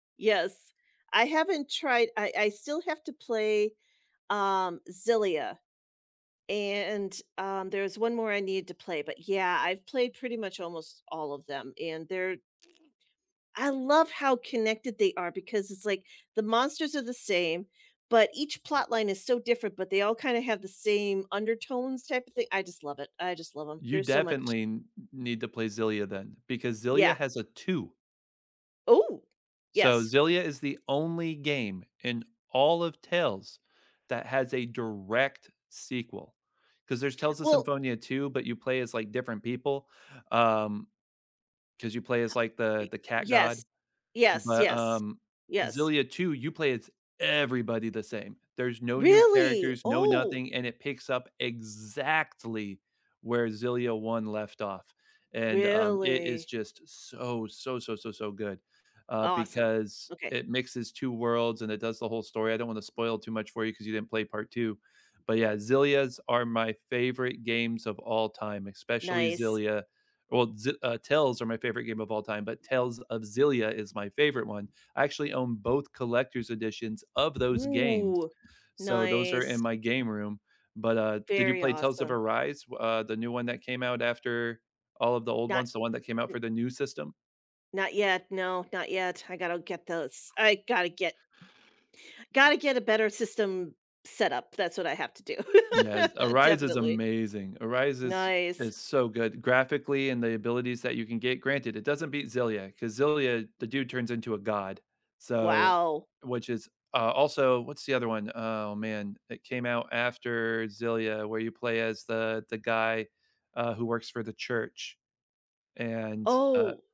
Yes. I haven't tried I I still have to play, um, Xillia. And, um, there's 1 more I need to play, but yeah, I've played pretty much almost all of them, and they're I love how connected they are because it's, like, the monsters are the same, but each plot line is so different, but they all kinda have the same undertones type of thing I just love it I just love 'em, You there's so much definitely n need to play Xillia then, because Xillia Yeah. has a 2. Ooh, So yes. Xillia is the only game in all of Tales that has a direct sequel. 'Cause there's Tales of Well Symphonia 2, but you play as, like, different people, um 'cause you play as, like, the Y the cat god. yes, yes, But, yes, um, yes. Xillia 2, you play as everybody the same. There's no new Really? characters, no Oh. nothing, and it picks up exactly where Xillia 1 left off. And, um, it is Really? just so, so, so, so, so good, uh, Awesome. because Okay. it mixes 2 worlds and it does the whole story; I don't wanna spoil too much for you 'cause you didn't play part 2, but yeah, Xillias are my favorite games of all time, especially Nice. Xillia Well, Xi uh, Tales are my favorite game of all time, but Tales of Xillia is my favorite 1; I actually own both collector's editions of those games, Ooh, so those are in nice. my game room. But, uh, did you Very play Tales of awesome. Arise, uh, the new 1 that came out after all of the old Not, ones, the 1 that came out n for the new system? Not yet, no not yet, I gotta get those I gotta get gotta get a better system set up, that's what I have to do. Yes, Arise is Definitely. amazing. Arise is Nice. is so good graphically and the abilities that you can get, granted, it doesn't beat Xillia 'cause Xillia, the dude turns into a god, so Wow. which is, uh, also what's the other one? Oh, man. It came out after Xillia where you play as the the guy, uh, who works for the church, and, uh Oh.